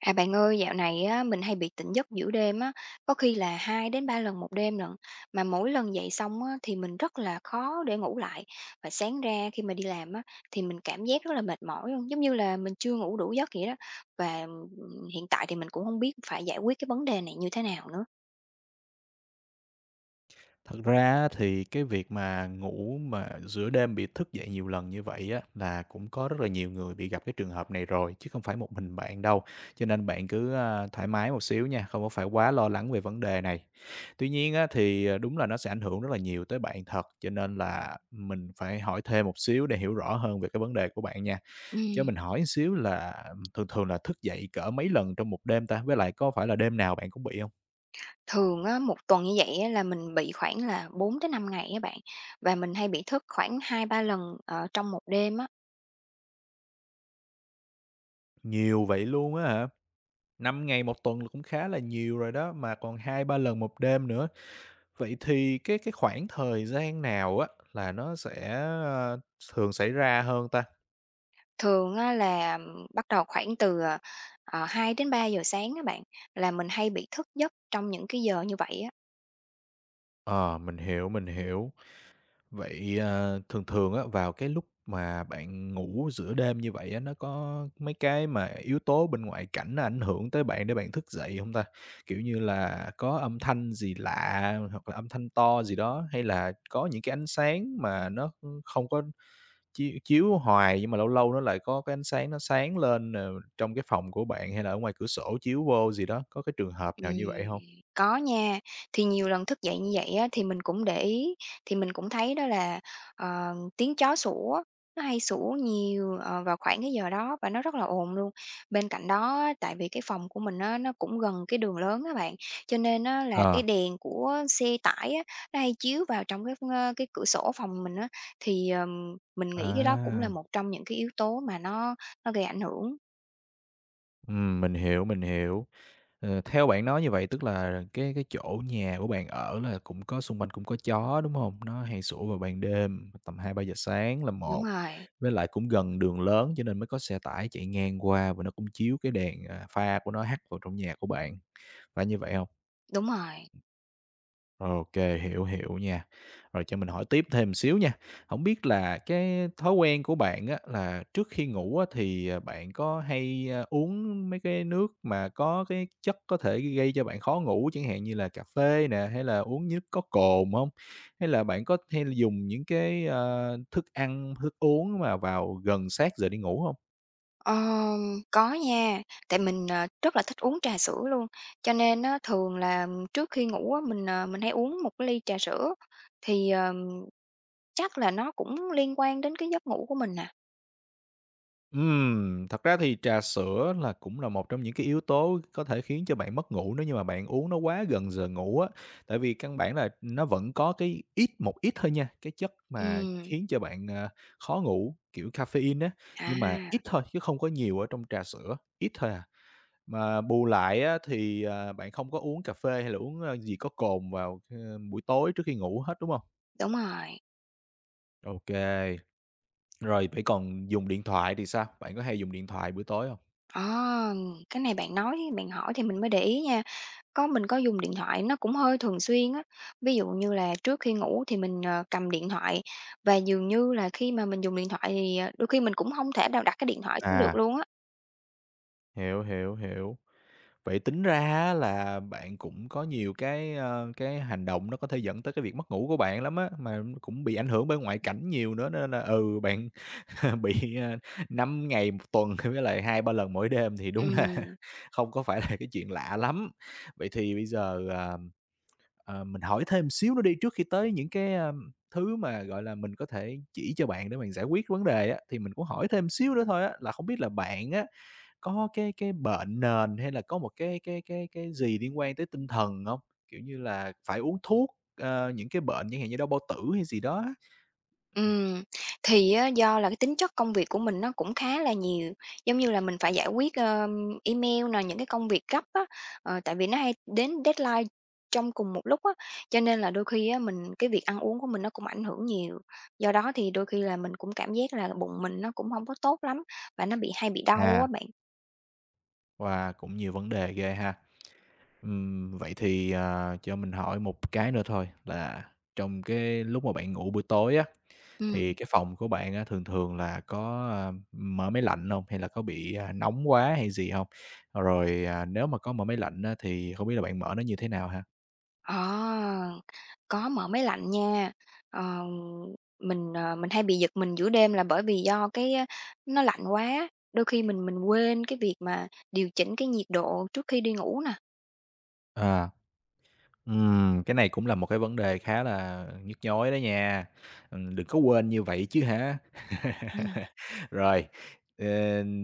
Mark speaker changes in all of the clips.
Speaker 1: À, bạn ơi, dạo này á, mình hay bị tỉnh giấc giữa đêm á, có khi là 2 đến 3 lần một đêm lận, mà mỗi lần dậy xong á, thì mình rất là khó để ngủ lại, và sáng ra khi mà đi làm á, thì mình cảm giác rất là mệt mỏi luôn, giống như là mình chưa ngủ đủ giấc vậy đó. Và, ừm, hiện tại thì mình cũng hông biết phải giải quyết cái vấn đề này như thế nào nữa.
Speaker 2: Thật ra á, thì cái việc mà ngủ mà giữa đêm bị thức dậy nhiều lần như vậy á, là cũng có rất là nhiều người bị gặp cái trường hợp này rồi, chứ không phải một mình bạn đâu, cho nên bạn cứ, a, thoải mái một xíu nha, không có phải quá lo lắng về vấn đề này. Tuy nhiên á, thì, ờ, đúng là nó sẽ ảnh hưởng rất là nhiều tới bạn thật, cho nên là mình phải hỏi thêm một xíu để hiểu rõ hơn về cái vấn đề của bạn nha. Cho
Speaker 1: Ừm.
Speaker 2: mình hỏi xíu là thường thường là thức dậy cỡ mấy lần trong một đêm ta? Với lại có phải là đêm nào bạn cũng bị hông?
Speaker 1: Thường á, một tuần như vậy á là mình bị khoảng là 4 tới 5 ngày á bạn. Và mình hay bị thức khoảng 2-3 lần, ờ, trong một đêm á.
Speaker 2: Nhiều vậy luôn á hả? 5 ngày một tuần là cũng khá là nhiều rồi đó, mà còn 2-3 lần một đêm nữa! Vậy thì cái cái khoảng thời gian nào á, là nó sẽ, a, thường xảy ra hơn ta?
Speaker 1: Thường á là bắt đầu khoảng từ, ờ, ờ, 2 đến 3:00 sáng á bạn, là mình hay bị thức giấc trong những cái giờ như vậy á.
Speaker 2: Ờ, mình hiểu, mình hiểu. Vậy, ờ, thường thường á, vào cái lúc mà bạn ngủ giữa đêm như vậy á, nó có mấy cái mà yếu tố bên ngoại cảnh, nó ảnh hưởng tới bạn để bạn thức dậy hông ta? Kiểu như là có âm thanh gì lạ, hoặc là âm thanh to gì đó, hay là có những cái ánh sáng mà nó không có chiếu chiếu hoài, nhưng mà lâu lâu nó lại có cái ánh sáng, nó sáng lên, ờ, trong cái phòng của bạn, hay là ở ngoài cửa sổ chiếu vô gì đó, có cái trường hợp
Speaker 1: Ừm,
Speaker 2: nào như vậy hông?
Speaker 1: có nha. Thì nhiều lần thức dậy như vậy á, thì mình cũng để ý, thì mình cũng thấy đó là, ờ, tiếng chó sủa, nó hay sủa nhiều, ờ, vào khoảng cái giờ đó, và nó rất là ồn luôn. Bên cạnh đó á, tại vì cái phòng của mình á, nó cũng gần cái đường lớn á bạn. Cho nên á, là cái
Speaker 2: Ờ.
Speaker 1: đèn của xe tải á, nó hay chiếu vào trong cái, ơ, cái cửa sổ phòng mình á. Thì, ờm, mình nghĩ cái đó cũng là
Speaker 2: À!
Speaker 1: một trong những cái yếu tố mà nó nó gây ảnh hưởng.
Speaker 2: Ừm, mình hiểu, mình hiểu. Ờ, theo bạn nói như vậy tức là cái cái chỗ nhà của bạn ở là cũng có, xung quanh cũng có chó, đúng hông? Nó hay sủa vào ban đêm, tầm 2:00-3:00 sáng là
Speaker 1: Đúng
Speaker 2: một.
Speaker 1: rồi.
Speaker 2: Với lại cũng gần đường lớn cho nên mới có xe tải chạy ngang qua, và nó cũng chiếu cái đèn, à, pha của nó hắt vào trong nhà của bạn, phải như vậy hông?
Speaker 1: Đúng rồi.
Speaker 2: OK, hiểu, hiểu nha. Rồi cho mình hỏi tiếp thêm một xíu nha. Hổng biết là cái thói quen của bạn á, là trước khi ngủ á, thì, à, bạn có hay, a, uống mấy cái nước mà có cái chất có thể gây cho bạn khó ngủ, chẳng hạn như là cà phê nè, hay là uống nước có cồn hông? Hay là bạn có hay dùng những cái, ơ, thức ăn, thức uống mà vào gần sát giờ đi ngủ hông?
Speaker 1: Ờ, có nha. Tại mình, ờ, rất là thích uống trà sữa luôn, cho nên á, thường là trước khi ngủ á, mình, ờ, mình hay uống một cái ly trà sữa. Thì, ờ, chắc là nó cũng liên quan đến cái giấc ngủ của mình nà.
Speaker 2: Ừm, thật ra thì trà sữa là cũng là một trong những cái yếu tố có thể khiến cho bạn mất ngủ nếu như mà bạn uống nó quá gần giờ ngủ á. Tại vì căn bản là, ừm, nó vẫn có cái ít, một ít thôi nha, cái chất mà
Speaker 1: Ừm.
Speaker 2: khiến cho bạn, a, khó ngủ, kiểu caffeine á,
Speaker 1: À.
Speaker 2: nhưng mà ít thôi chứ không có nhiều ở trong trà sữa, ít thôi à. Mà bù lại á, thì, à, bạn không có uống cà phê hay là uống, a, gì có cồn vào, ơ, buổi tối trước khi ngủ hết, đúng hông?
Speaker 1: Đúng rồi.
Speaker 2: Ô kê. Rồi, vậy còn dùng điện thoại thì sao? Bạn có hay dùng điện thoại buổi tối hông?
Speaker 1: Ờm, cái này bạn nói, bạn hỏi thì mình mới để ý nha. Có, mình có dùng điện thoại, nó cũng hơi thường xuyên á. Ví dụ như là trước khi ngủ thì mình, ờ, cầm điện thoại và dường như là khi mà mình dùng điện thoại thì, ờ, đôi khi mình cũng hông thể nào đặt cái điện thoại xuống được
Speaker 2: À.
Speaker 1: luôn á.
Speaker 2: Hiểu, hiểu, hiểu. Vậy tính ra á là bạn cũng có nhiều cái, ơ, cái hành động nó có thể dẫn tới cái việc mất ngủ của bạn lắm á, mà cũng bị ảnh hưởng bởi ngoại cảnh nhiều nữa nên là, ừ, bạn bị, a, 5 ngày 1 tuần, với lại 2, 3 lần mỗi đêm, thì đúng là
Speaker 1: Ừm.
Speaker 2: không có phải là cái chuyện lạ lắm. Vậy thì bây giờ, ờm, ờ, mình hỏi thêm một xíu nữa đi, trước khi tới những cái, a, thứ mà, gọi là, mình có thể chỉ cho bạn để bạn giải quyết vấn đề á, thì mình cũng hỏi thêm xíu nữa thôi á, là không biết là bạn á, có cái cái bệnh nền hay là có một cái cái cái cái gì liên quan tới tinh thần hông? Kiểu như là, phải uống thuốc, ờ, những cái bệnh chẳng hạn như đau bao tử hay gì đó á? [unintelligible]
Speaker 1: Ừm, thì á, do là cái tính chất công việc của mình nó cũng khá là nhiều, giống như là, mình phải giải quyết, ơm, email nè, những cái công việc gấp á, ờ, tại vì nó hay đến deadline trong cùng một lúc á. Cho nên là đôi khi á, mình cái việc ăn uống của mình nó cũng ảnh hưởng nhiều, do đó thì đôi khi là mình cũng cảm giác là bụng mình nó cũng hông có tốt lắm, và nó bị hay bị đau á
Speaker 2: À.
Speaker 1: bạn.
Speaker 2: Wow! Cũng nhiều vấn đề ghê ha. Ừm, vậy thì, ờ, cho mình hỏi một cái nữa thôi là trong cái lúc mà bạn ngủ buổi tối á, thì
Speaker 1: Ừm.
Speaker 2: cái phòng của bạn á thường thường là có, a, ưm, mở máy lạnh hông hay là có bị, à, nóng quá hay gì hông? Rồi, à, nếu mà có mở máy lạnh á thì không biết là bạn mở nó như thế nào ha?
Speaker 1: Ờ, có mở máy lạnh nha, ờ, mình, ờ, mình hay bị giật mình giữa đêm là bởi vì do cái, ơ, nó lạnh quá, đôi khi mình mình quên cái việc mà điều chỉnh cái nhiệt độ trước khi đi ngủ nè.
Speaker 2: À. Ừm, cái này cũng là một cái vấn đề khá là nhức nhối đó nha, ừm, đừng có quên như vậy chứ hả.
Speaker 1: Ừm.
Speaker 2: Rồi, ờ,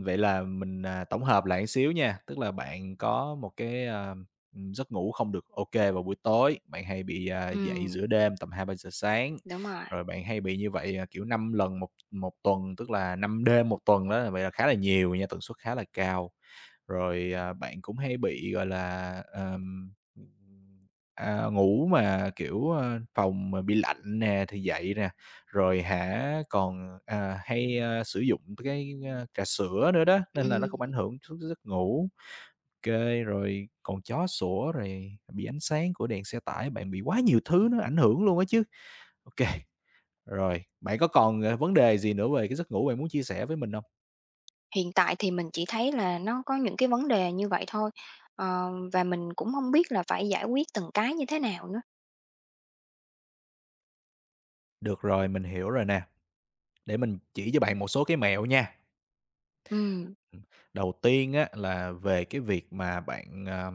Speaker 2: vậy là mình, à, tổng hợp lại xíu nha, tức là bạn có một cái, a, ừm, giấc ngủ không được ô kê vào buổi tối, bạn hay bị, à, dậy
Speaker 1: Ừm.
Speaker 2: giữa đêm tầm 2:00-3:00 sáng.
Speaker 1: Đúng rồi.
Speaker 2: Rồi bạn hay bị như vậy, ờ, kiểu, 5 lần một một tuần, tức là 5 đêm 1 tuần á, vậy là khá là nhiều nha, tần suất khá là cao, rồi, à, bạn cũng hay bị, gọi là, ờm à, ngủ mà, kiểu, à, phòng mà bị lạnh nè, thì dậy nè, rồi hả còn, à, hay, a, sử dụng cái trà sữa nữa đó, nên là nó
Speaker 1: Ừm.
Speaker 2: cũng ảnh hưởng trước giấc ngủ, OK, rồi còn chó sủa rồi bị ánh sáng của đèn xe tải. Bạn bị quá nhiều thứ nó ảnh hưởng luôn á chứ. OK rồi, bạn có còn, ờ, vấn đề gì nữa về cái giấc ngủ bạn muốn chia sẻ với mình hông?
Speaker 1: Hiện tại thì mình chỉ thấy là nó có những cái vấn đề như vậy thôi. Ờ, và mình cũng hông biết là phải giải quyết từng cái như thế nào nữa.
Speaker 2: Được rồi, mình hiểu rồi nè. Để mình chỉ cho bạn một số cái mẹo nha.
Speaker 1: Ừm.
Speaker 2: Ừm. Đầu tiên á, là về cái việc mà bạn, à,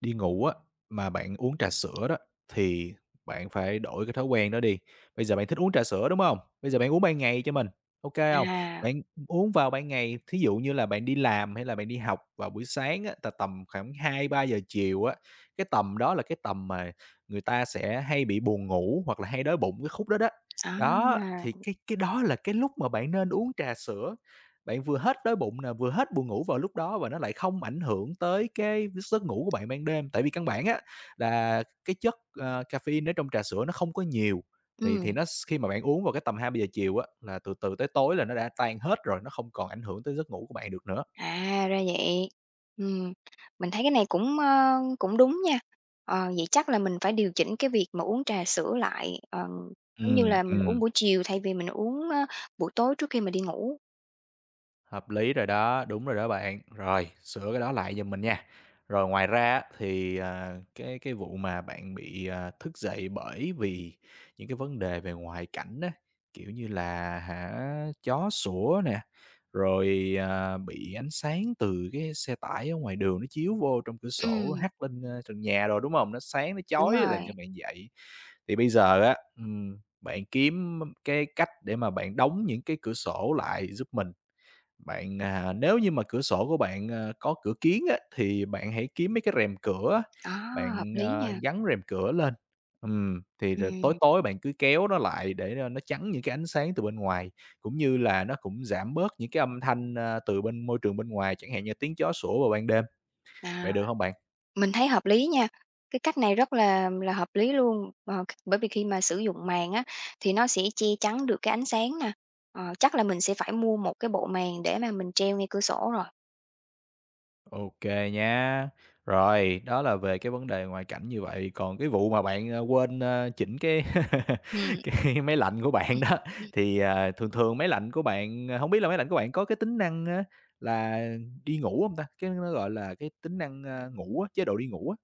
Speaker 2: đi ngủ á, mà bạn uống trà sữa đó, thì bạn phải đổi cái thói quen đó đi. Bây giờ bạn thích uống trà sữa, đúng hông? Bây giờ bạn uống ban ngày cho mình, OK hông?
Speaker 1: À!
Speaker 2: Bạn, ừm, uống vào ban ngày, thí dụ như là bạn đi làm hay là bạn đi học vào buổi sáng á, tà tầm khoảng 2:00-3:00 chiều á, cái tầm đó là cái tầm mà người ta sẽ hay bị buồn ngủ hoặc là hay đói bụng cái khúc đó đó.
Speaker 1: À!
Speaker 2: Đó, thì cái cái đó là cái lúc mà bạn nên uống trà sữa. Bạn vừa hết đói bụng nè, vừa hết buồn ngủ vào lúc đó, và nó lại không ảnh hưởng tới cái giấc ngủ của bạn ban đêm. Tại vì căn bản á, là cái chất, à, caffeine ở trong trà sữa nó không có nhiều, vậy thì
Speaker 1: Ừm.
Speaker 2: nó s khi mà bạn uống vào tầm 2:00-3:00 chiều á, là từ từ tới tối là nó đã tan hết rồi, nó không còn ảnh hưởng tới giấc ngủ của bạn được nữa.
Speaker 1: À, ra vậy. Ừm, mình thấy cái này cũng, a, cũng đúng nha. Ờ, vậy chắc là mình phải điều chỉnh cái việc mà uống trà sữa lại, ờm, giống như
Speaker 2: Ừm,
Speaker 1: là mình uống
Speaker 2: ừm.
Speaker 1: buổi chiều thay vì mình uống, ơ, buổi tối trước khi mình đi ngủ.
Speaker 2: Hợp lý rồi đó, đúng rồi đó bạn, rồi sửa cái đó lại giùm mình nha. Rồi ngoài ra á thì, à, cái cái vụ mà bạn bị, ờ, thức dậy, bởi vì những cái vấn đề về ngoại cảnh á, kiểu như là hả chó sủa nè, rồi, à, bị ánh sáng từ cái xe tải ở ngoài đường nó chiếu vô trong cửa sổ
Speaker 1: Ừm.
Speaker 2: hắt lên, ơ, trần nhà đồ, đúng hông? Nó sáng, nó
Speaker 1: Đúng
Speaker 2: chói làm cho
Speaker 1: rồi.
Speaker 2: bạn dậy. Thì bây giờ á, ừm, bạn kiếm m cái cách để mà bạn đóng những cái cửa sổ lại giúp mình. Bạn, à nếu như mà cửa sổ của bạn, ơ, có cửa kiếng á, thì bạn hãy kiếm mấy cái rèm cửa á,
Speaker 1: A, hợp
Speaker 2: bạn,
Speaker 1: lý
Speaker 2: ơ,
Speaker 1: nha!
Speaker 2: gắn rèm cửa lên, ừm thì rồi tối
Speaker 1: Ừm.
Speaker 2: tối bạn cứ kéo nó lại để cho nó chắn những cái ánh sáng từ bên ngoài, cũng như là nó cũng giảm bớt những cái âm thanh, ơ, từ bên môi trường bên ngoài chẳng hạn như tiếng chó sủa vào ban đêm.
Speaker 1: À.
Speaker 2: Vậy được hông bạn?
Speaker 1: Mình thấy hợp lý nha, cái cách này rất là là hợp lý luôn, ờ, bởi vì khi mà sử dụng màn á thì nó sẽ che chắn được cái ánh sáng nè. Ờ, chắc là mình sẽ phải mua một cái bộ màn để mà mình treo ngay cửa sổ rồi.
Speaker 2: OK nhá. Rồi, đó là về cái vấn đề ngoại cảnh như vậy, còn cái vụ mà bạn, a, quên, a, chỉnh cái
Speaker 1: Ừm.
Speaker 2: cái máy lạnh của bạn đó,
Speaker 1: [unintelligible]
Speaker 2: thì, à, thường thường máy lạnh của bạn, a hông biết là máy lạnh của bạn có cái tính năng á là đi ngủ hông ta? Cái đó nó, gọi là, cái tính năng, a, ngủ á, chế độ đi ngủ á.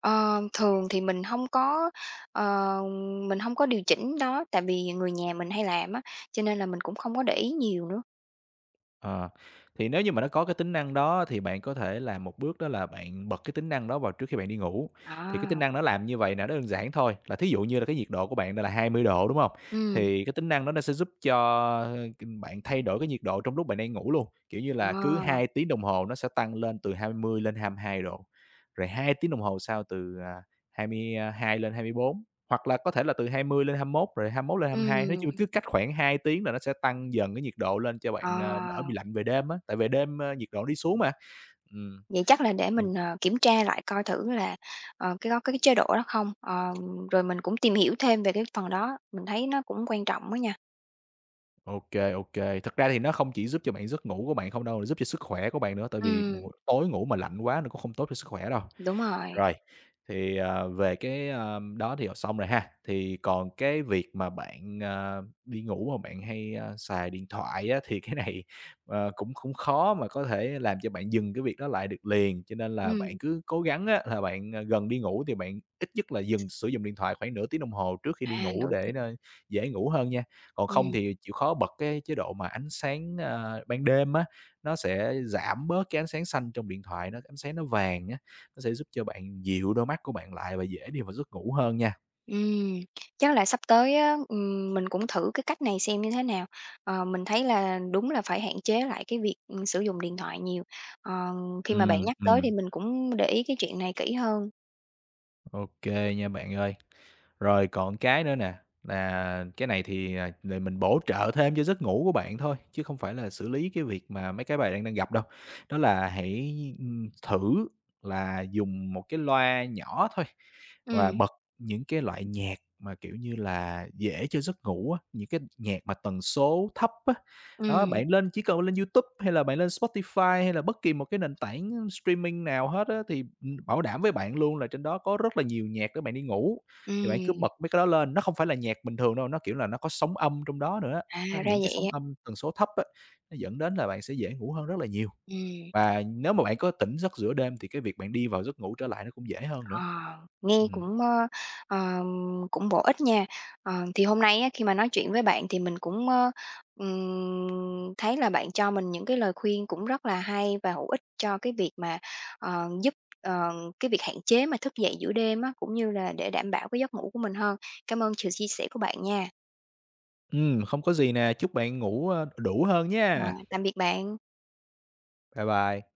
Speaker 1: Ờ, thường thì mình hông có, ờ, mình hông có điều chỉnh đó, tại vì người nhà mình hay làm á, cho nên là mình cũng không có để ý nhiều nữa.
Speaker 2: À. Thì nếu như mà nó có cái tính năng đó thì bạn có thể làm một bước đó là bạn bật cái tính năng đó vào trước khi bạn đi ngủ. Thì cái
Speaker 1: À!
Speaker 2: tính năng nó làm như vầy là nó đơn giản thôi. Là thí dụ như là cái nhiệt độ của bạn đang là 20 độ, đúng hông?
Speaker 1: Ừm.
Speaker 2: Thì cái tính năng đó nó sẽ giúp cho, a, c bạn thay đổi cái nhiệt độ trong lúc bạn đang ngủ luôn, kiểu như là, cứ
Speaker 1: Ờ.
Speaker 2: 2 tiếng đồng hồ nó sẽ tăng lên từ 20 lên 22 độ, rồi 2 tiếng đồng hồ sau từ, à, 22 lên 24 hoặc là có thể là từ 20 lên 21 rồi 21 lên 22. Nói
Speaker 1: Ừm.
Speaker 2: chung cứ cách khoảng 2 tiếng là nó sẽ tăng dần cái nhiệt độ lên cho bạn, a, đỡ
Speaker 1: Ờ.
Speaker 2: bị lạnh về đêm á, tại về đêm, a, nhiệt độ đi xuống mà. Ừm.
Speaker 1: Vậy chắc là để
Speaker 2: [unintelligible]
Speaker 1: mình, ờ, kiểm tra lại coi thử là, ờ, cái đó có cái chế độ đó không. Ờ, rồi mình cũng tìm hiểu thêm về cái phần đó, mình thấy nó cũng quan trọng á nha.
Speaker 2: Ô kê, ô kê. Thật ra thì nó không chỉ giúp cho bạn giấc ngủ của bạn không đâu, giúp cho sức khỏe của bạn nữa, tại vì
Speaker 1: Ừm.
Speaker 2: [unintelligible] tối ngủ mà lạnh quá nó cũng không tốt cho sức khỏe đâu.
Speaker 1: Đúng rồi.
Speaker 2: Rồi, thì, à, về cái, à, đó thì học xong rồi ha. Thì còn cái việc mà bạn, à, đi ngủ mà bạn hay, a, xài điện thoại á, thì cái này, ờ, cũng cũng khó mà có thể làm cho bạn dừng cái việc đó lại được liền, cho nên là bạn
Speaker 1: Ừm.
Speaker 2: cứ cố gắng á, là bạn gần đi ngủ thì bạn ít nhất là dừng sử dụng điện thoại, khoảng nửa tiếng đồng hồ trước khi đi
Speaker 1: À,
Speaker 2: ngủ
Speaker 1: nửa tiếng.
Speaker 2: để nó dễ ngủ hơn nha. Còn không
Speaker 1: Ừm.
Speaker 2: thì chịu khó bật cái chế độ mà ánh sáng, a, ban đêm á, nó sẽ giảm bớt cái ánh sáng xanh trong điện thoại, ánh sáng nó vàng á, nó sẽ giúp cho bạn dịu đôi mắt của bạn lại và dễ đi vào giấc ngủ hơn nha.
Speaker 1: Ừm, chắc là sắp tới á, ừm, mình cũng thử cái cách này xem như thế nào, ờ, mình thấy là đúng là phải hạn chế lại cái việc sử dụng điện thoại nhiều, ờ, khi mà bạn
Speaker 2: Ừm,
Speaker 1: nhắc tới thì
Speaker 2: ừm.
Speaker 1: mình cũng để ý cái chuyện này kỹ hơn.
Speaker 2: OK, nha bạn ơi. Rồi còn cái nữa nè, là cái này thì, à, mình bổ trợ thêm cho giấc ngủ của bạn thôi, chứ không phải là xử lý cái việc mà mấy cái bạn đang đang gặp đâu, đó là hãy, ừm, thử là dùng một cái loa nhỏ thôi và
Speaker 1: Ừm.
Speaker 2: bật những cái loại nhạc mà, kiểu như là, dễ cho giấc ngủ á, những cái nhạc mà tần số thấp á. Đó,
Speaker 1: Ừm.
Speaker 2: bạn lên chỉ cần lên YouTube hay là bạn lên Spotify hay là bất kỳ một cái nền tảng streaming nào hết á, thì, ừm, bảo đảm với bạn luôn là trên đó có rất là nhiều nhạc để bạn đi ngủ, thì bạn cứ
Speaker 1: Ừm.
Speaker 2: bật mấy cái đó lên. Nó không phải là nhạc bình thường đâu, nó kiểu là nó có sóng âm trong đó nữa,
Speaker 1: À, ra
Speaker 2: những cái
Speaker 1: vậy
Speaker 2: sóng
Speaker 1: á.
Speaker 2: âm tần số thấp á, nó dẫn đến là bạn sẽ dễ ngủ hơn rất là nhiều.
Speaker 1: Ừm.
Speaker 2: Và nếu mà bạn có tỉnh giấc giữa đêm thì cái việc bạn đi vào giấc ngủ trở lại nó cũng dễ hơn
Speaker 1: Ờ,
Speaker 2: nữa.
Speaker 1: nghe
Speaker 2: Ừm.
Speaker 1: cũng, ơ, ờ, cũng bổ ích nha, ờ, thì hôm nay á, khi mà nói chuyện với bạn thì mình cũng, ơ, ừm, thấy là bạn cho mình những cái lời khuyên cũng rất là hay và hữu ích cho cái việc mà, ờ, giúp ờ, cái việc hạn chế mà thức dậy giữa đêm á, cũng như là để đảm bảo cái giấc ngủ của mình hơn. Cảm ơn sự chia sẻ của bạn nha.
Speaker 2: Ừm, không có gì nè, chúc bạn ngủ, ơ, đủ hơn
Speaker 1: Ờ.
Speaker 2: nhá.
Speaker 1: Tạm biệt bạn.
Speaker 2: Bye bye.